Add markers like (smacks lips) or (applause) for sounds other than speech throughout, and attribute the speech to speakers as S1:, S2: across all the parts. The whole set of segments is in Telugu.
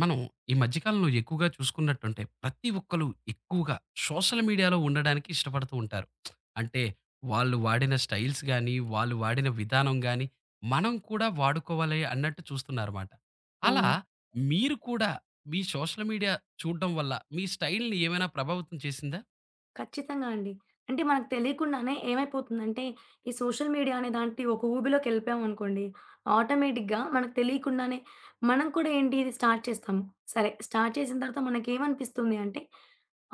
S1: మనం ఈ మధ్య కాలంలో ఎక్కువగా చూసుకున్నట్టుంటే, ప్రతి ఒక్కళ్ళు ఎక్కువగా సోషల్ మీడియాలో ఉండడానికి ఇష్టపడుతూ ఉంటారు. (smacks lips) అంటే వాళ్ళు వాడిన స్టైల్స్ గానీ, వాళ్ళు వాడిన విధానం గానీ, మనం కూడా వాడుకోవాలి అన్నట్టు చూస్తున్నారుమాట. అలా
S2: అవును.
S1: మీరు కూడా మీ సోషల్ మీడియా చూడ్డం వల్ల మీ స్టైల్‌ని ఏవైనా ప్రభావితం చేసిందా?
S2: ఖచ్చితంగా అండి. అంటే మనకి తెలియకుండానే ఏమైపోతుందంటే, ఈ సోషల్ మీడియా అనే లాంటి ఒక ఊబిలోకెళ్ళిపోయామనుకోండి, ఆటోమేటిక్‌గా మనకి తెలియకుండానే మనం కూడా ఏంటి ఇది స్టార్ట్ చేస్తాం. సరే, స్టార్ట్ చేసిన తర్వాత మనకేమనిపిస్తుందీ అంటే,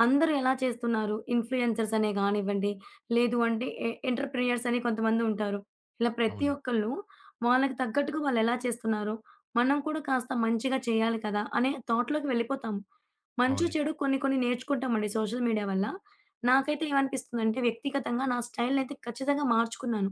S2: అందరూ ఎలా చేస్తున్నారు? ఇన్‌ఫ్లూయెన్సర్స్ అనే గానివ్వండి, లేదు అంటే ఎ ఎంటర్‌ప్రెన్యూర్స్ అని కొంతమందుంటారు. ఇలా ప్రతి
S1: అవున
S2: ఒక్కళ్ళు వాళ్ళకి తగ్గట్టుగా వాళ్ళెలా చేస్తున్నారు? మనం కూడా కాస్త మంచిగా చేయాలి కదా! అనే థాట్‌లోకి వెళ్ళిపోతాం. మంచో‌,
S1: అవున
S2: చెడో కొన్ని కొన్ని నేర్చుకుంటామండి సోషల్ మీడియా వల్ల. నాకైతే ఏమనిపిస్తుందంటే వ్యక్తిగతంగా నా స్టైల్‌నైతే ఖచ్చితంగా మార్చుకున్నాను.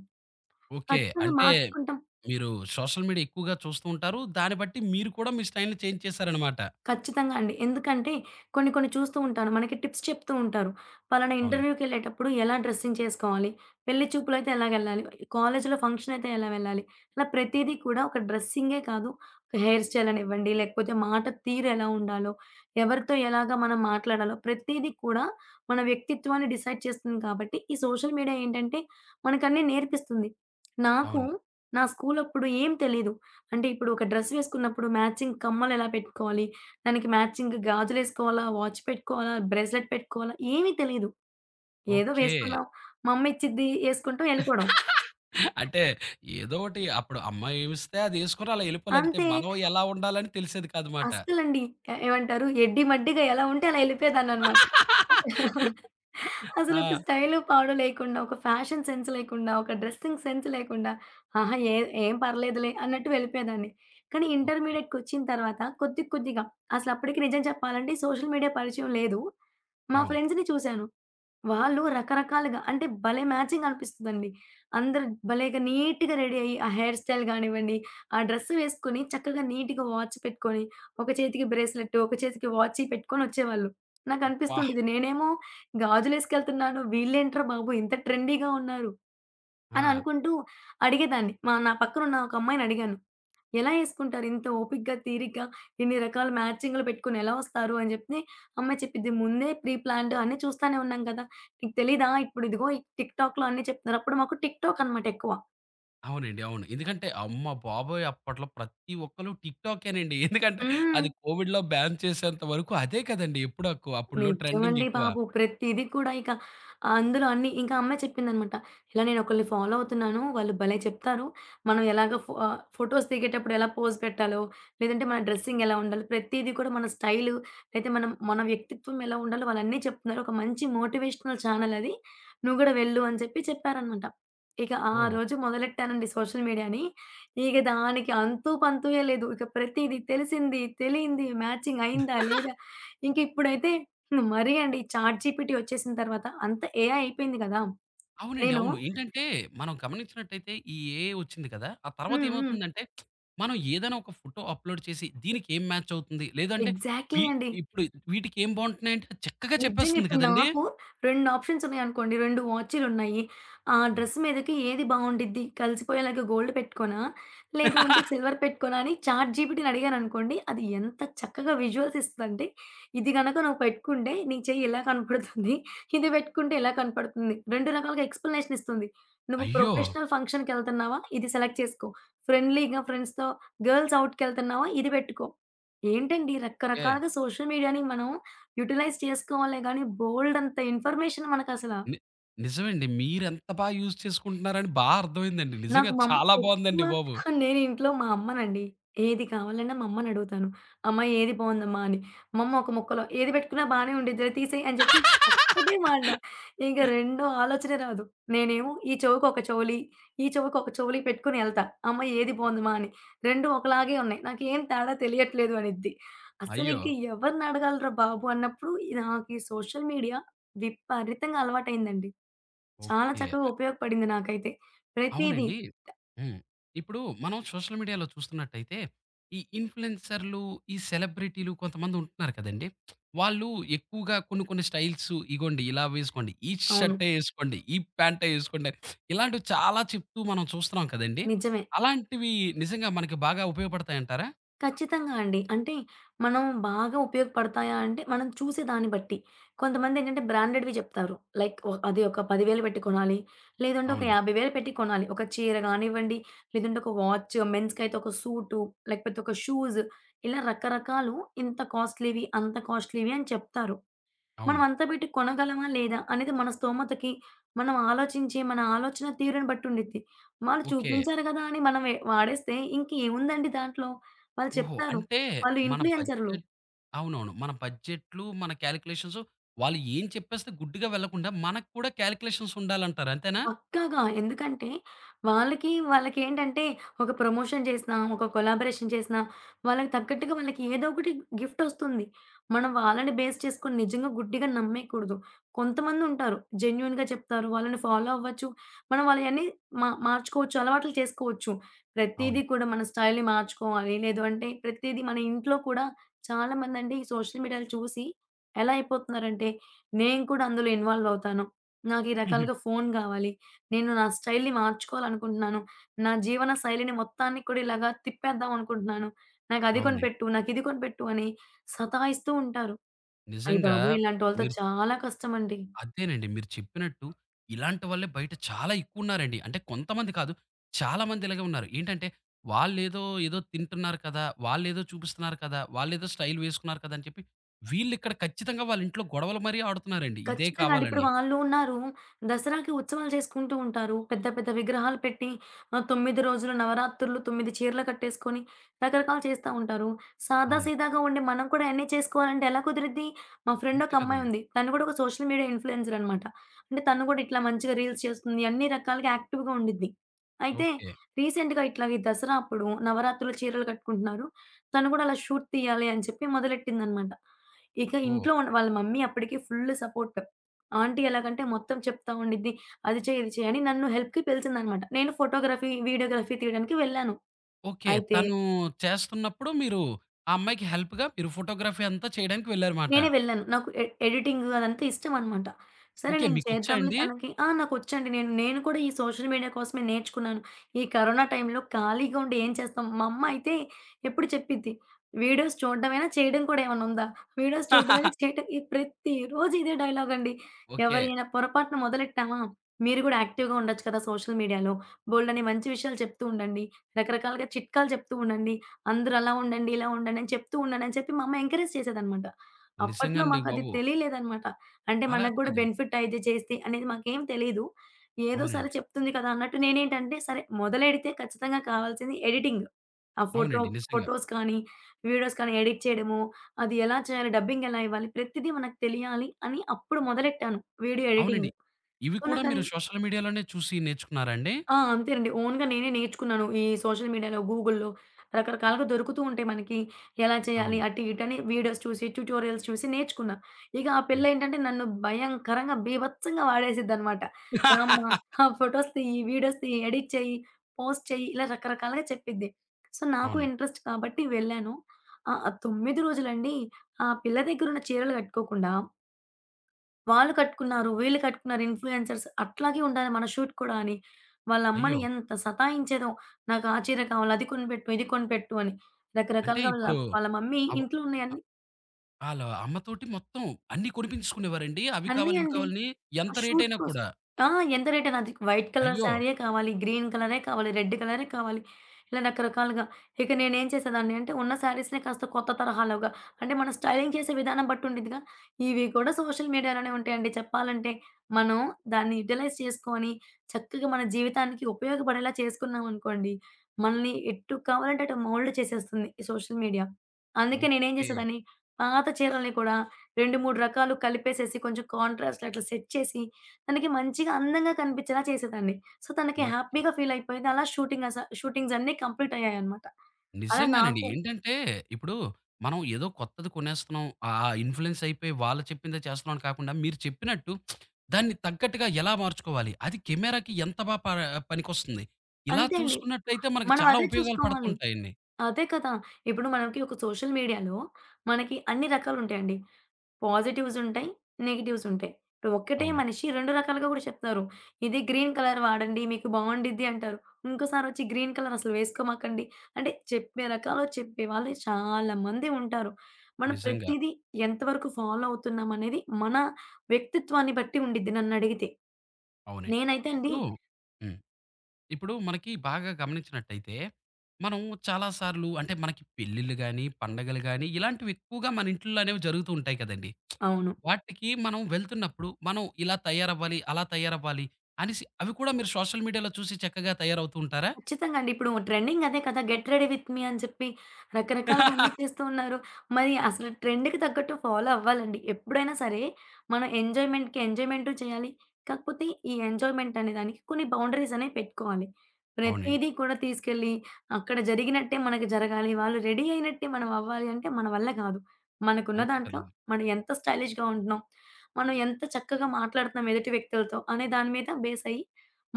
S1: ఓకే.
S2: ఖచ్చితంగా
S1: అంటే
S2: మార్చుకుంటాం
S1: మీరు సోషల్ మీడియా ఎక్కువగా చూస్తూ ఉంటారు. దాన్ని బట్టి మీరు కూడా మీ స్టైల్‌ని చేంజ్ చేసారనమాట.
S2: ఖచ్చితంగా అండి. ఎందుకంటే కొన్ని కొన్ని చూస్తూ ఉంటాను, మనకి టిప్స్ చెప్తూ ఉంటారు. ఫలానా
S1: అవునం
S2: ఇంటర్‌వ్యూ‌కెళ్ళేటప్పుడు ఎలా డ్రెస్సింగ్ చేసుకోవాలి, పెళ్లి చూపులయితే ఎలాగెళ్ళాలి, కాలేజిలో ఫంక్షనయితే ఎలా వెళ్ళాలి, ఇలా ప్రతీది కూడా ఒక డ్రెస్సింగే కాదు ఒక హెయిర్ స్టైలనివ్వండి, లేకపోతే మాట తీరెలా ఉండాలో, ఎవరితో ఎలాగా మనం మాట్లాడాలో, ప్రతిదీ కూడా మన వ్యక్తిత్వాన్ని డిసైడ్ చేస్తుంది. కాబట్టి, ఈ సోషల్ మీడియా ఏంటంటే మనకన్నీ నేర్పిస్తుంది. నాకు
S1: అవును.
S2: నా స్కూలప్పుడు ఏమి తెలియదు. అంటే ఇప్పుడు ఒక డ్రెస్ వేసుకున్నప్పుడు మ్యాచింగ్ కమ్మలెలా పెట్టుకోవాలి, దానికి మ్యాచింగ్ గాజులేసుకోవాలా, వాచ్ పెట్టుకోవాలా, బ్రేస్‌లెట్ పెట్టుకోవాలా, ఏమి తెలీదు. ఏదో
S1: ఓకే.
S2: వేసుకున్నాం. మా అమ్మ ఇచ్చింది వేసుకుంటాం ఎళ్ళిపోడం.
S1: (laughs) అంటే ఏదోకటి అప్పుడు అమ్మా ఏమిస్తే అదేసుకొని అలా వెళ్ళిపోవాలంతే.
S2: అంతే.
S1: మనం ఎలా ఉండాలి అని తెలిసేది కాదుమాట.
S2: అస్సలండి ఎ-ఏమంటారు ఎడ్డి మడ్డిగా ఎలా ఉంటే అలా వెళ్ళిపోయేదాన్నన్నమాట. (chuckles)
S1: (laughs)
S2: అసలొక
S1: ఆ!
S2: స్టైలు, పాడు లేకుండా, ఒక ఫ్యాషన్ సెన్స్ లేకుండా, ఒక డ్రెసింగ్ సెన్స్ లేకుండా ఆహా! ఎద్ ఏం పర్లేదులే! అన్నట్టు వెళ్ళిపోయేదాన్ని. కానీ,
S1: ఓకే.
S2: ఇంటర్మీడియేట్టుకొచ్చిన తరువాత కొద్ది కొద్దిగా అసలప్పటికి నిజం చెప్పాలంటే సోషల్ మీడియా పరిచయం లేదు. మా
S1: అవును.
S2: ఫ్రెండ్స్‌ని చూసాను. వాళ్ళు రకరకాలుగా అంటే భలే మ్యాచింగ్ అనిపిస్తదండి. అందరు భలేగా నీట్‌గా రెడీ అయ్యి ఆ హెయిర్ స్టైల్ గానివ్వండి, ఆ డ్రెస్సు వేసుకొని, చక్కగా నీట్‌గా వాచ్ పెట్టుకొని, ఒక చేతికి బ్రేస్‌లెట్టు, ఒక చేతికి వాచ్చీ పెట్టుకొనొచ్చేవాళ్ళు. నాకు
S1: అబ్బా!
S2: అనిపిస్తుంటది, నేనేమో గాజులేసుకెళ్తున్నాను, వీళ్ళేంట్రా బాబు ఇంత ట్రెండీ‌గా ఉన్నారు అని
S1: ఆ!
S2: అనుకుంటూ అడిగేదాన్ని మా నా పక్కన ఉన్న ఒక అమ్మాయినడిగాను, "ఎలా ఏసుకుంటారింత ఓపికగా, తీరిగ్గా ఇన్ని రకాల మ్యాచింగులు పెట్టుకొని ఎలా ఒస్తారు?" అని జెప్తే ఆ అమ్మాయి చెప్పిద్ది, "ముందే ప్రీ ప్లాన్డ్ అన్ని చూస్తూనే ఉన్నాం కదా! నీకు తెలీదా ఇప్పుడు ఇదిగో టిక్ టాక్‌లో అన్నీ చెప్తున్నారు" అప్పుడు మాకు టిక్ టాక్‌ అనమాట ఎక్కువ.
S1: అవునండి అవును. ఎందుకంటే, అమ్మ బాబోయ్! అప్పట్లో ప్రతి ఒక్కళ్ళు టిక్‌టాకే నండి. (chuckles) ఎందుకంటే,
S2: హ్మ్.
S1: అది కోవిడ్‌లో బ్యాన్ చేసేంత వరకు, అదే కదండీ ఎప్పుడు ఆకు అప్పట్లో
S2: నిజమండి
S1: ట్రెండింగెక్కువ.
S2: బాబు, ప్రతిది కూడా ఇక అందులో అన్ని ఇంకా ఆ అమ్మాయి చెప్పిందన్నమాట ఇలా "నేనొకల్లని ఫాలో అవుతున్నాను వాళ్ళు భలే చెప్తారు. మనం ఎలాగా ఫా ఫోటోస్ దిగేటప్పుడు ఎలా పోజ్ పెట్టాలో, లేదంటే మన డ్రెస్సిగ్ ఎలా ఉండాలో ప్రతీది కూడా మన స్టైలు, లేతే మనం మన వ్యక్తిత్వం ఎలా ఉండాలో వాళ్ళు అన్ని చెప్తున్నారు. ఒక మంచి మోటివేషనల్ చానెల్ అది, నువ్వు గూడా వెళ్ళు" అని చెప్పి చెప్పారన్నమాట. ఇక ఆ
S1: ఓహ్!
S2: రోజు మొదలెట్టానండి సోషల్ మీడియా‌ని, ఇగ దానికి అంతుపంతూయే లేదు. ఇక ప్రతీది, తెలిసింది, తెలియంది, మ్యాచింగ్ అయిందా,
S1: (chuckles)
S2: లేదా ఇంకిప్పుడైతే మరీ అండి, చాట్ జి‌పి‌టి ఒచ్చేసిన తరువాత అంత ఏఐ అయిపోయింది గదా!
S1: అవునండి.
S2: నేను
S1: అవును. ఏంటంటే, మనం గమనించినట్టయితే, ఈ ఏ‌ఐ ఒచ్చింది కదా, ఆ
S2: హ్మ్. హ్మ్.
S1: తర్వాతేమవుతుందంటే (smacks lips) మనం ఏదైనా ఒక ఫోటో అప్‌లోడ్ చేసి, దీనికేం మ్యాచ్ అవుతుంది, లేదంటే
S2: ఎగ్జాక్ట్‌లీ అండి.
S1: ఇప్పుడు వీటికి ఏం బాగుంటున్నాయి అంటే చక్కగా
S2: నిజంగా
S1: చెప్పేస్తుంది
S2: ఇప్పుడు
S1: కదండీ.
S2: నాకు 2 ఆప్షన్స్ ఉన్నాయనుకోండి, 2 వాచీలున్నయ్యి. ఆ
S1: హ్మ్.
S2: డ్రెస్ మీదకి ఏది బాగుండిద్ది? కలిసిపోయేలాగా గోల్డ్ పెట్టుకోనా? లేదు అంటే
S1: (chuckles)
S2: సిల్వర్ పెట్టుకోనా? అని చాట్ జి‌పి‌టి‌ని అడిగాననుకోండి, అది ఎంత చక్కగా విజువల్స్ ఇస్తుందంటే, ఇది గనక నువ్వు పెట్టుకుంటే, నీ చెయ్యి ఇలా కనపడుతుంది, ఇది పెట్టుకుంటే ఇలా కనపడుతుంది. 2 రకాలుగా ఎక్స్‌ప్లనేషన్ ఇస్తుంది. నువ్వు
S1: అయ్యో!
S2: ప్రొఫెషనల్ ఫంక్షన్‌కెళ్తన్నావా? ఇది సెలెక్ట్ చేసుకో, ఫ్రెండ్‌లీగా ఫ్రెండ్స్‌తో, గర్ల్స్ ఔట్‌కెళ్తన్నావా? ఇది బెట్టుకో. ఏంటండీ,
S1: ఓకే.
S2: రకరకాలుగా సోషల్ మీడియా‌ని మనం యుటిలైజ్ చేసుకోవాలె గాని, బోల్డంత ఇన్ఫర్మేషన్ మనకసల.
S1: ని నిజమండి. మీరెంత బాగా యూజ్ చేసుకుంటున్నారని బాగా అర్థమయిందండి
S2: నాకు
S1: నిజంగా
S2: మా అమ్మ
S1: చాలా
S2: ఎక్కువ,
S1: బాగుందండి బాబు.
S2: నేను ఇంట్లో మా అమ్మనండి, ఏది కావాలన్నా మా అమ్మనడుగుతాను. "అమ్మ ఏది బాగుందమ్మా" అని? మా అమ్మ ఒక ముక్కలో, "ఏది బెట్టుకున్న బానే ఉండిద్దిలే, తీసేయి" అని జెప్పి, ఒక్కటే మాట, ఇంగ
S1: (laughs)
S2: రెండో ఆలోచనే రాదు. నేనేమో ఈ చెవికొక చౌలి, ఈ చెవికి ఒకొక చౌలి పెట్టుకొని ఎళ్తా "అమ్మ ఏది బాగుందిమా?" అని. "2 ఒకలాగే ఉన్నాయి, నాకేమి తేడా తెలియట్లేదు" అనిద్ది.
S1: అయ్యో!
S2: అసలింక ఎవరినడగాలి‌రా బాబు! అన్నప్పుడు, నాకీ సోషల్ మీడియా విపరీతంగా అలవాటయిందండి. చాలా
S1: ఓకే.
S2: చక్కగా
S1: ఆ
S2: ఉపయోగపడింది నాకైతే ప్రతీది.
S1: అవునండీ? హ్మ్. ఇప్పుడు మనం సోషల్ మీడియాలో చూస్తున్నట్టయితే ఈ ఇన్‌ఫ్లుయెన్సర్లూ, ఈ సెలబ్రిటీలు, కొంతమంది ఉంటున్నారు కదండీ, (smacks lips) వాళ్ళు ఎక్కువగా కొన్ని కొన్ని స్టైల్సు, ఇగోండి ఇలా వేసుకోండి, ఈ
S2: అవును.
S1: షర్టే ఏసుకోండి, ఈ పాంటే ఏసుకోండని ఇలాంటివి చాలా చెప్తూ మనం చూస్తున్నాం కదండి,
S2: నిజమే.
S1: అలాంటివి నిజంగా మనకి బాగా ఉపయోగపడతాయంటారా?
S2: ఖచ్చితంగా అండి. అంటే మనం బాగా ఉపయోగపడతాయా అంటే, మనం (smacks lips) చూసే దాన్ని బట్టి. కొంతమందేం‌టంటే బ్రాండెడ్‌వి జెప్తారు లైక్ అది ఒక 10,000 బెట్టి కొనాలి, లేదంటే ఒక
S1: అవునండి.
S2: 50,000 పెట్టి కొనాలి. ఒక చీర గానివ్వండి, లేదంటే ఒక వాచ్, మెన్స్‌కయితే ఒక సూట్, లేకపోతే ఒక షూస్, ఇలా రకరకాలు ఇంత కాస్ట్‌లీ‌వి, అంత కాస్ట్‌లీవి అని చెప్తారు. మనం
S1: అవును.
S2: అంత బెట్టి కొనగలమా? లేదా అనేది మన స్తోమతకి మనం ఆలోచించే మన ఆలోచన తీరుని బట్టుండిద్ది. వాళ్ళు
S1: ఓకే.
S2: చూపించారు గదా! అని మనం వాడేస్తే ఇంక ఏముందండి దాంట్లో? వాళ్ళు
S1: ఓహో!
S2: చెప్తారు,
S1: అంటే
S2: వాళ్ళు
S1: మన
S2: ఇన్‌ఫ్లూయెన్సరులు.
S1: బడ్జెట్ అవునవును. మన బడ్జెట్లు, మన కాలిక్యులేషన్స్ వాళ్ళు ఏం చెప్పేస్తే గుడ్డిగా వెళ్ళకుండా, మనక్కూడా కాలిక్యులేషన్స్ ఉండాలంటారు అంతేనా?
S2: పక్కాగా, ఎందుకంటే వాళ్ళకి (giggles) వాళ్ళకేంటంటే ఒక ప్రమోషన్ జేసినా, ఒక కొలాబరేషన్ చేసినా, వాళ్ళకి తగ్గట్టుగా వాళ్ళకేదో ఒకటి గిఫ్టోస్తుంది. మనం వాళ్ళని బేస్ చేసుకొని నిజంగా గుడ్డిగా నమ్మేయకూడదు. కొంతమందుంటారు జెన్యూన్‌గా చెప్తారు, వాళ్ళని ఫాలో అవ్వచ్చు. మనం వాళ్ళయన్నీ మా మార్చుకోవచ్చు, అలవాట్లు చేసుకోవచ్చు.
S1: అవును.
S2: ప్రతీది కూడా మన స్టైల్‌ని (smacks lips) మార్చుకోవాలి, లేదు అంటే ప్రతిది మన ఇంట్లో కూడా (smacks lips) చాలా మంది అండి ఈ సోషల్ మీడియా చూసి ఎలా అయిపోతున్నారు అంటే, నేను కూడా అందులో ఇన్వాల్వ్ అవుతాను, నాకు ఈ
S1: హుహు.
S2: రకాలుగా ఫోను గావాలి, నేను నా స్టైల్‌ని మార్చుకోవాలి అనుకుంటున్నాను, నా జీవన శైలిని మొత్తాన్ని కూడా ఇలాగా తిప్పేద్దాం అనుకుంటున్నాను, నాకది
S1: అవునండి.
S2: కొనిపెట్టు, నాకు ఇది కొనిపెట్టు అని సతాయిస్తూ ఉంటారు. అయ్య
S1: నిజంగా
S2: బాబోయ్ ఇలాంటి వాళ్ళతో
S1: మీరు
S2: చాలా కష్టం అండి.
S1: అదేనండి. మీరు చెప్పినట్టు ఇలాంటి వాళ్ళే బయట చాలా ఎక్కువున్నారండి. అంటే కొంతమంది కాదు. చాలామందిలాగే ఉన్నారు. ఏంటంటే! వాళ్ళేదో ఏదో తింటున్నారు కదా! వాళ్ళేదో చూపిస్తున్నారు కదా! వాళ్ళేదో స్టైల్ వేసుకున్నారు కదా! అని చెప్పి వీళ్ళిక్కడ ఖచ్చితంగా వాళ్ళింట్లో గొడవలు మరీ ఆడుతున్నారండి. ఇదే
S2: ఖచ్చితంగా అండి. ఇప్పుడు
S1: కావాలని.
S2: వాళ్ళు ఉన్నారు. దసరాకి ఉత్సవాలు చేసుకుంటూ ఉంటారు. పెద్ద పెద్ద విగ్రహాలు పెట్టి, ఆహ్, 9 రోజులు నవరాత్రులు, 9 చీరలు కట్టేసుకొని, రకరకాలు చేస్తా ఉంటారు. సాదా
S1: అవును.
S2: సీదాగా ఉండే మనం కూడా అయన్నీ చేసుకోవాలంటే ఎలా కుదురుద్ది? మా
S1: అంతే కదండి!
S2: ఫ్రెండొకమ్మాయుంది. (smacks lips) తను గూడా ఒక సోషల్ మీడియా ఇన్‌ఫ్లూయెన్సర్ అనమాట. అంటే తను కూడా ఇట్లా
S1: ఓకే.
S2: మంచిగా రీల్స్ చేస్తుంది, అన్ని రకాలుగా యాక్టివ్‌గా ఉండిద్ది. అయితే
S1: ఓకే.
S2: రీసెంట్‌గా ఇట్లా ఈ దసరా అప్పుడు నవరాత్రులు చీరలు కట్టుకుంటున్నారు. తను కూడా అలా షూట్ తీయాలి అని చెప్పి మొదలెట్టిందనమాట. ఇక
S1: ఓహ్!
S2: ఇంట్లో ఉండ వాళ్ళ మమ్మీ అప్పడికే ఫుల్ సపోర్ట్ ఆంటీ ఎలాగంటే మొత్తం చెప్తా ఉండిద్ది. అది చెయ్ ఇది చెయ్ అని నన్ను హెల్ప్‌కి పిలిచిందన్నమాట. నేను ఫోటోగ్రఫీ, వీడియోగ్రఫీ తీయడానికి వెళ్ళాను.
S1: ఓకే.
S2: అయితే
S1: తను చేస్తున్నప్పుడు మీరు ఆ అమ్మాయికి హెల్ప్‌గా మీరు ఫోటోగ్రఫీ అంతా చేయడానికి వెళ్లారుమాట.
S2: నేనే వెళ్ళాను. నాకు ఎడి ఎడిటింగ్ అదంతా ఇష్టం అన్నమాట. సరే
S1: ఓకే.
S2: నేను
S1: మీకొచ్చా
S2: చేద్దాంలే
S1: అండి?
S2: తనకి ఆ! నాకొచ్చండి. (smacks lips) నేను, నేను కూడా ఈ సోషల్ మీడియా కోసమే నేర్చుకున్నాను. ఈ కరోనా టైమ్‌లో ఖాళీగా ఉండి ఏం చేస్తాం? (smacks lips) మా అమ్మ అయితే ఎప్పుడు చెప్పిద్ది, "వీడియోస్ చూడ్డమేనా చేయడం కూడా ఏమన్నుందా?" (giggles) వీడియోస్ చూడ్డం అనే
S1: (chuckles)
S2: స్టేట్ ప్రతి రోజు ఇదే డైలాగం‌డి.
S1: ఓకే.
S2: ఎవరైనా పొరపాటున మొదలెట్టామా! "మీరు గూడా యాక్టివ్‌గా ఉండొచ్చు కదా సోషల్ మీడియాలో. బోల్డన్ని మంచి విషయాలు చెప్తూ ఉండండి, రకరకాలగా చిట్కాలు చెప్తూ ఉండండి. అందరూ అలా ఉండండి, ఇలా ఉండండి" అని చెప్తూ ఉండండని చెప్పి మా అమ్మ ఎంకరేజ్ చేసేదన్నమాట.
S1: నిజంగా
S2: అప్పట్లో
S1: అండి
S2: మాకది
S1: బాబు.
S2: తెలియలేదన్నమాట. అంటే
S1: అలా
S2: మనగ్గూడా
S1: కాదు.
S2: బెనిఫిట్ అయితే చేస్తే అనేది మాకేం తెలీదు. ఏదో సరే
S1: అవునండి.
S2: చెప్తుంది కదా అన్నట్టు నేనేంటంటే, సరే మొదలెడితే ఖచ్చితంగా కావాల్సింది ఎడిటింగ్. ఆ ఫోటో
S1: అవునండి. నిజంగా.
S2: ఫోటోస్ కానీ, వీడియోస్ కానీ, ఎడిట్ చేయడము, అది ఎలా చేయాలి, డబ్బింగ్ ఎలా ఇవ్వాలి, ప్రతిది మనకు తెలియాలి అని అప్పుడు మొదలెట్టాను వీడియో ఎడిటింగ్.
S1: అవునండి. ఇవి
S2: సో
S1: కూడా మీరు
S2: నాకది
S1: సోషల్ మీడియాలోనే చూసి నేర్చుకున్నారా అండి?
S2: ఆ! అంతేనండి. ఓన్‌గా నేనే నేర్చుకున్నాను. ఈ సోషల్ మీడియాలో, గూగుల్‌లో, రకరకాలుగా దొరుకుతూ ఉంటాయి మనకి. ఎలా చేయాలి?
S1: అవును.
S2: (smacks lips) అటు ఇటు అని వీడియోస్ చూసి, ట్యుటోరియల్స్ చూసి నేర్చుకున్నా. ఇగ ఆ
S1: హ్మ్.
S2: పిల్లేంటంటే నన్ను భయంకరంగా బీభత్సంగా (smacks lips) వాడేసిద్దన్నమాట. "రామ్మ!
S1: (laughs)
S2: ఆ ఫోటోస్ (giggles) తీయి, వీడియోస్ తీయి, ఎడిట్ చెయ్యి, పోస్ట్ చెయ్యి" ఇలా రకరకాలుగా చెప్పిద్ది. సో, నాకు
S1: అవునండి.
S2: ఇంట్రెస్ట్ కాబట్టి వెళ్ళాను. ఆహ్, ఆ 9 రోజులండీ ఆ పిల్ల దెగ్గరున్న చీరలు గట్టుకోకుండా వాళ్ళు కట్టుకున్నారు, వీళ్ళు కట్టుకున్నారు ఇన్‌ఫ్లూయెన్సర్స్ అట్లాగే ఉండాలి మన షూట్ కూడా అని, వాళ్ళ అమ్మని
S1: అయ్యో!
S2: ఎంత సతాయించేదో. "నాకు ఆ చీర కావాలి అది కొనిపెట్టు, ఇది కొనిపెట్టు" అని
S1: అంటే,
S2: రకరకాలుగా వాళ్ళ
S1: ఇప్పుడు
S2: వాళ్ళ మమ్మీ
S1: అవ్వ
S2: ఇంట్లో
S1: ఆ!
S2: ఉన్నాయన్ని
S1: వాళ్ళ అమ్మ తోటి మొత్తం అన్ని కొనిపించుకునేవారండి? అవి
S2: అన్నీ
S1: కావాలి ఇవి
S2: అండి.
S1: కావాలి అని.
S2: ఆ
S1: ఎంత
S2: షూట్
S1: రేటయినా
S2: కోసం
S1: కూడా?
S2: ఆ! ఎంత రేటైన అది. వైట్ కలర్
S1: అయ్యో!
S2: సారీయే కావాలి, గ్రీన్ కలరే కావాలి, రెడ్డు కలరే కావాలి, ఇలా రకరకాలుగా. ఇక నేనేం చేసేదాన్ని అంటే ఉన్న శారీస్‌నే కాస్త కొత్త తరహాలోగా అంటే మనం స్టైలింగ్ చేసే విధానం బట్టి ఉంటుందిగా. ఇవి కూడా సోషల్ మీడియా లోనే ఉంటాయండి. చెప్పాలంటే. మనం దాన్ని యుటిలైజ్ చేసుకొని చక్కగా మన జీవితానికి ఉపయోగపడేలా చేసుకున్నాం అనుకోండి మనల్ని ఎటు కావాలంటే అటు మోల్డ్ చేసేస్తుంది, ఈ సోషల్ మీడియా. అందుకే నేను ఏమి
S1: ఓకే.
S2: చేసేదాన్ని పాత చీరల్ని కూడా 2, 3 రకాలు కలిపేసేసి కొంచెం కాంట్రాస్ట్ అట్లా సెట్ చేసి తనకి మంచిగా అందంగా కనిపించేలా చేసేదాన్ని. సో, తనకి
S1: ఓకే.
S2: హ్యాపీగా ఫీలయిపోయేది. అలా షూటింగ్ స షూటింగ్సన్నీ కంప్లీటయ్యాయనమాట. అలా
S1: నిజంగానండి.
S2: నాకు
S1: ఏంటంటే ఇప్పుడు మనం ఏదో కొత్తది కొనేస్తున్నాం, ఆ ఇన్‌ఫ్లూయెన్స్ అయిపోయి వాళ్ళు చెప్పిందే చేస్తున్నాం అని కాకుండా, మీరు చెప్పినట్టు (smacks lips) దాన్ని తగ్గట్టుగా ఎలా మార్చుకోవాలి. అది కెమెరాకి ఎంత బా ప పనికొస్తుంది? ఇలా
S2: అంతే అండి.
S1: చూసుకున్నట్లయితే మనకు
S2: మనం
S1: చాలా
S2: అదే
S1: ఉపయోగాలు
S2: చూసుకోవాలి.
S1: పడుతుంటాయిండి.
S2: అదే కదా! ఇప్పుడు మనకి ఒక సోషల్ మీడియాలో మనకి అన్ని రకాలు ఉంటాయండి. పాజిటివ్స్ ఉంటాయి, నెగెటివ్స్ ఉంటాయి. ఇప్పుడు ఒకటే
S1: అవునండి.
S2: మనిషి 2 రకాలుగా కూడా చెప్తారు. ఇది గ్రీన్ కలర్ వాడండి మీకు బాగుండిద్ది అంటారు, ఇంకోసారొచ్చి గ్రీన్ కలర్ అసలు వేసుకోమాకండి అంటే చెప్పే రకాలు, చెప్పే వాళ్ళు చాలా మంది ఉంటారు. మనం
S1: నిజంగా.
S2: ప్రతీది ఎంతవరకు ఫాలో అవుతున్నాం అనేది మన వ్యక్తిత్వాన్ని బట్టి ఉండుద్ది నన్నడిగితే.
S1: అవునండి.
S2: నేనైతే అండి
S1: ఇప్పుడు హ్మ్. ఇప్పుడు మనకి బాగా గమనించినట్టయితే. మనం చాలా సార్లు అంటే మనకి పెళ్లిళ్లు గానీ, పండగలు గానీ, ఇలాంటివి ఎక్కువగా మన ఇంటిల్లో అనేవి జరుగుతూ ఉంటాయి కదండీ. (smacks lips)
S2: అవును.
S1: వాటికి మనం వెళ్తున్నప్పుడు మనం ఇలా తయారవ్వాలి, అలా తయారవ్వాలి, అనేసి అవి కూడా మీరు సోషల్ మీడియాలో చూసి చక్కగా తయారవుతూ ఉంటారా?
S2: కచ్చితంగా అండి. ఇప్పుడు ట్రెండింగ్ అదే కదా! Get ready with me. అని చెప్పి రకరకాలుగా అన్ని
S1: (laughs)
S2: చేస్తూ ఉన్నారు. మరి అసలు ట్రెండ్‌కి తగ్గట్టు ఫాలో అవ్వాలి అండి. ఎప్పుడైనా సరే. మనం ఎంజాయ్మెంట్‌కి ఎంజాయ్మెంటూ చేయాలి కాకపోతే ఈ ఎంజాయ్మెంటనే దానికి కొన్ని బౌండరీస్ అనేవి పెట్టుకోవాలి.
S1: అవునండి.
S2: ప్రతీది కూడా తీసుకెళ్ళి అక్కడ జరిగినట్టే మనకు జరగాలి వాళ్ళు రెడీ అయినట్టే మనం అవ్వాలి. అంటే మన వల్ల గాదు. మనకున్న
S1: అంతే
S2: దాంట్లో
S1: కదండీ.
S2: మనం ఎంత స్టైలిష్‌గా ఉంటున్నాం, మనం ఎంత చక్కగా మాట్లాడుతున్నాం ఎదుటి వ్యక్తులతో అనే దాని మీద బేసై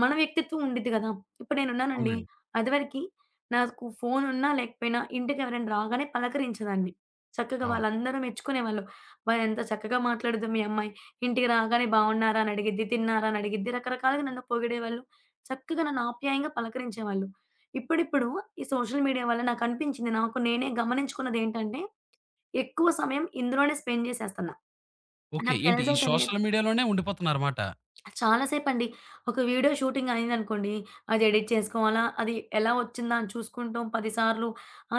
S2: మన వ్యక్తిత్వం ఉండిద్ది గదా! ఇప్పుడు నేనున్నానండి,
S1: అవునండీ.
S2: అది వరకి నాకు ఫోనున్నా లేకపోయినా ఇంటికి ఎవరైనా రాగానే పలకరించేదాన్ని. చక్కగా
S1: అవును.
S2: వాళ్ళందరూ మెచ్చుకునేవాళ్ళు, "అబ్బా! ఎంత చక్కగా మాట్లాడిద్దో మీ అమ్మాయి. ఇంటికి రాగానే బావున్నారా? అని అడిగిద్ది, తిన్నారా? అని అడిగిద్ది" రకరకాలుగా నన్ను పొగిడేవాళ్ళు. చక్కగా నన్ను ఆప్యాయంగా పలకరించేవాళ్ళు. ఇప్పుడిప్పుడు ఈ సోషల్ మీడియా వల్ల నాకనిపించింది నాకు నేనే గమనించుకున్నదేంటంటే ఎక్కువ సమయం ఇందులోనే స్పెండ్ చేసేస్తున్నా.
S1: ఓకే.
S2: నాకు
S1: ఏంటి
S2: తెలుసో
S1: ఈ
S2: తెలియకో
S1: సోషల్ మీడియా లోనే ఉండిపోతున్నారు మాట.
S2: చాలా సేపండి. ఒక వీడియో షూటింగ్ అయింది అనుకోండి, అది ఎడిట్ చేసుకోవాలా, అది ఎలా వచ్చిందా అని చూసుకుంటాం 10 సార్లు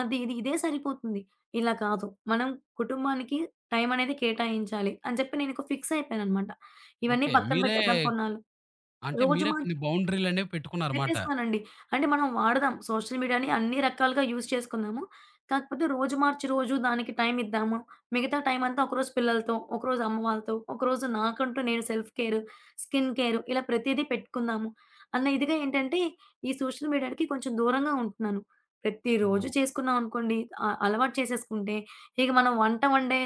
S2: అది ఇది, ఇదే సరిపోతుంది. ఇలా కాదు మనం కుటుంబానికి టైమనేది కేటాయించాలి అని చెప్పి నేను ఫిక్స్ అయిపోయాను అన్నమాట. ఇవన్నీ
S1: ఓకే.
S2: పక్కన
S1: మీరే
S2: పెట్టేద్దాం కొన్నాళ్ళు.
S1: అంటే,
S2: రోజు
S1: మీరే
S2: మ
S1: కొన్ని బౌండరీలనేవి పెట్టుకున్నారు మాట.
S2: పెట్టేసుకోనండి అంటే మనం వాడదాం సోషల్ మీడియాని అన్ని రకాలుగా యూజ్ చేసుకుందాము. కాకపోతే, రోజు మార్చి రోజు దానికి టైమిద్దాము మిగతా టైమంతా ఒకరోజు పిల్లలతో, ఒకరోజు అమ్మ వాళ్ళతో, ఒకరోజు నాకంటూ నేను సెల్ఫ్ కేరు స్కిన్ కేరు ఇలా ప్రతీదీ పెట్టుకుందాము, అన్న ఇదిగా ఏంటంటే ఈ సోషల్ మీడియాకి కొంచెం దూరంగా ఉంటున్నాను. ప్రతిరోజు
S1: ఓహ్!
S2: చేసుకున్నాం అనుకోండి, అ అలవాటు చేసేసుకుంటే ఇక మనం వంట వండే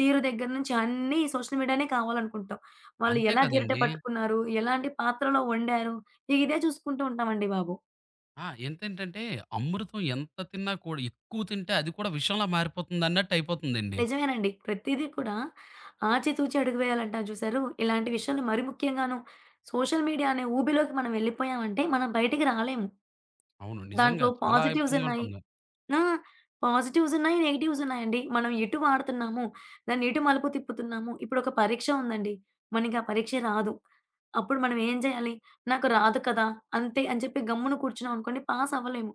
S2: తీరు దగ్గర నుంచి అన్నీ సోషల్ మీడియానే కావాలనుకుంటాం. వాళ్ళు
S1: అంతే
S2: ఎలా గిరిట
S1: కదండీ!
S2: పట్టుకున్నారు, ఎలాంటి పాత్రలో వండారు, ఇక ఇదే చూసుకుంటూ ఉంటాం అండి బాబు.
S1: ఆ! ఎంతేంటంటే అమృతం ఎంత తిన్నా కూడా, ఎక్కువ తింటే అది కూడా విషంలా మారిపోతుందన్నట్టయిపోతుందండి.
S2: నిజమేనండి. ప్రతీది కూడా ఆచి తూచి అడుగు వేయాలంటారు జూసారు ఇలాంటి విషయంలో మరీ ముఖ్యంగాను సోషల్ మీడియా అనే ఊబిలోకి మనం ఎళ్ళిపోయామంటే మనం బయటికి రాలేము.
S1: అవును. నిజంగా
S2: దాంట్లో
S1: చాలా
S2: పాజిటివ్స్
S1: ఇబ్బందిగా
S2: ఉన్నాయి.
S1: ఉంటుంది.
S2: ఆ! పాజిటివ్స్ ఉన్నాయి, నెగెటివ్స్ ఉన్నాయండి. మనం ఎటు వాడుతున్నాము. దాన్ని ఎటు మలుపు తిప్పుతున్నాము. ఇప్పుడొక పరీక్ష ఉందండి, మనకి ఆ పరీక్ష రాదు. అప్పుడు మనం ఏం జేయాలి? నాకు రాదు కదా! అంతే అని చెప్పి గమ్మున కూర్చున్నాం అనుకోండి, పాస్ అవ్వలేము.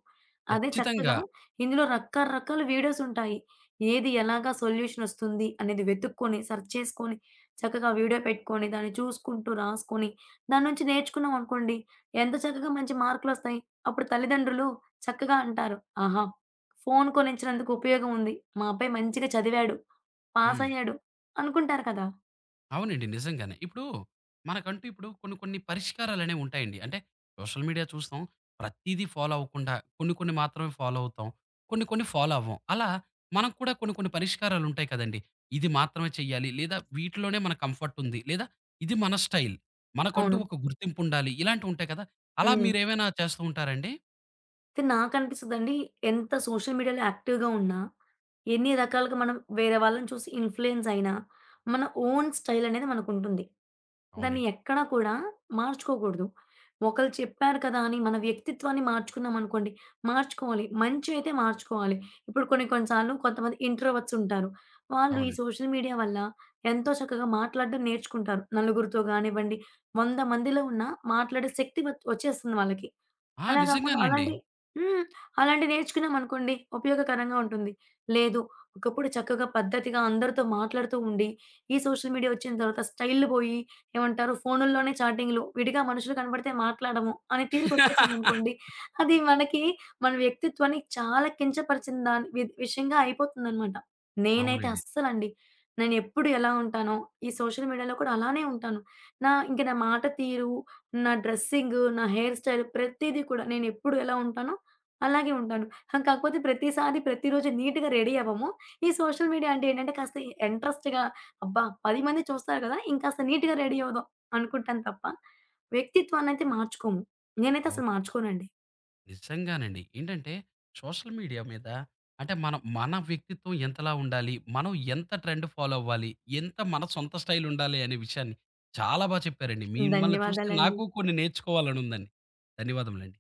S2: అదే చక్కగా
S1: ఖచ్చితంగా.
S2: ఇందులో రకరకాల వీడియోసుంటాయి. ఏది ఎలాగా సొల్యూషనొస్తుంది అనేది వెతుక్కొని సర్చ్ చేసుకొని చక్కగా వీడియో పెట్టుకొని దాన్ని చూసుకుంటూ రాసుకొని దాన్నుంచి నేర్చుకున్నాం అనుకోండి, ఎంత చక్కగా మంచి మార్క్‌లోస్తాయి. అప్పుడు తల్లిదండ్రులు చక్కగా అంటారు ఆహా! ఫోను కొనిచ్చినందుకు ఉపయోగముంది. మా అబ్బాయి మంచిగా చదివాడు.
S1: హ్మ్.
S2: పాసయ్యాడు. అనుకుంటారు కదా!
S1: అవునండి. నిజంగానే. ఇప్పుడు మనకంటూ ఇప్పుడు కొన్ని కొన్ని పరిష్కారాలనేవి ఉంటాయండి. అంటే సోషల్ మీడియా చూస్తాం. ప్రతీదీ ఫాలో అవ్వకుండా కొన్ని కొన్ని మాత్రమే ఫాలో అవుతాం. కొన్ని కొన్ని ఫాలో అవ్వం. అలా మనక్కూడా కొన్ని కొన్ని పరిష్కారాలుంటాయి కదండీ. ఇది మాత్రమే చేయాలి, లేదా వీటిలోనే మన కంఫర్ట్ ఉంది. లేదా ఇది మన స్టైల్. మనకంటూ
S2: అవును.
S1: ఒక గుర్తింపుండాలి. ఇలాంటివి ఉంటాయి కదా! అలా
S2: హ్మ్.
S1: మీరు ఏవైనా చేస్తూ ఉంటారండి?
S2: అంటే నాకనిపిస్తదండీ ఎంత సోషల్ మీడియాలో యాక్టివ్‌గా ఉన్నా, ఎన్ని రకాలుగా మనం వేరే వాళ్ళని చూసి ఇన్‌ఫ్లూయెన్సయినా, మన ఓన్ స్టైలనేది మనకుంటుంది. దాన్ని
S1: అవునండి.
S2: ఎక్కడా కూడా మార్చుకోగూడదు. ఒకళ్ళు చెప్పారు కదా! అని మన వ్యక్తిత్వాన్ని మార్చుకున్నామనుకోండి మార్చుకోవాలి, మంచయితే మార్చుకోవాలి. ఇప్పుడు కొన్ని కొన్ని సార్లు కొంతమంది ఇంట్రోవర్ట్స్ ఉంటారు. వాళ్ళు ఈ
S1: అవునండి.
S2: సోషల్ మీడియా వల్ల ఎంతో చక్కగా మాట్లాడ్డం నేర్చుకుంటారు. నలుగురితో గానివ్వండి, 100 మందిలో ఉన్నా మాట్లాడే శక్తి వచి ఓచ్చేస్తుంది వాళ్ళకి.
S1: ఆ!
S2: అలా కాకుండా
S1: నిజంగానండి.
S2: అలాంటి హ్మ్ అలాంటివి నేర్చుకున్నాం అనుకోండి, ఉపయోగకరంగా ఉంటుంది. లేదు ఒకప్పుడు చక్కగా పద్ధతిగా అందరితో మాట్లాడుతూ ఉండి, ఈ సోషల్ మీడియా ఒచ్చిన తరువాత స్టైళ్ళు బోయి, ఏమంటారు ఫోను‌ల్లోనే చాటింగులు. విడిగా మనుషులు కనపడితే మాట్లాడము, అనే తీరుకొచ్చేసామనుకోండి,
S1: (laughs)
S2: అది మనకి మన వ్యక్తిత్వాన్ని చాలా కించపరిచిన దా వి విషయంగా అయిపోతుందన్నమాట. నేనైతే
S1: అవునండి.
S2: అస్సలండి నేనెప్పుడు ఎలా ఉంటానొ, ఈ సోషల్ మీడియాలో కూడా అలానే ఉంటాను. నా ఇంక నా మాట తీరు, నా డ్రస్సింగు, నా హెయిర్ స్టైల్ ప్రతీది కూడా, నేనెప్పుడు ఎలా ఉంటానో అలాగే ఉంటాను. కాకపోతే ప్రతిసారి, ప్రతి రోజు నీట్‌గా రెడీ అవ్వము. ఈ సోషల్ మీడియా అంటే ఏంటంటే, కాస్త ఇంట్రెస్ట్‌గా అబ్బా 10 మంది చూస్తారు గదా ఇంకాస్త నీట్‌గా రడీ అవ్వుదాం అనుకుంటాను తప్ప, వ్యక్తిత్వాన్నయితే మార్చుకోము. నేనైతే
S1: ఓ
S2: అసలు మార్చుకోనండి.
S1: నిజంగానండి. ఏంటంటే, సోషల్ మీడియా మీద అంటే మనం మన వ్యక్తిత్వం ఎంతలా ఉండాలి? మనం ఎంత ట్రెండ్ ఫాలో అవ్వాలి? ఎంత మన సొంత స్టైలుండాలి? అనే విషయాన్ని చాలా బాగా చెప్పారండి. మిమ్మల్ని చూస్తే
S2: ధన్యవాదాలండి.
S1: నాకు కొన్ని నేర్చుకోవాలని ఉందండి. ధన్యవాదములండి.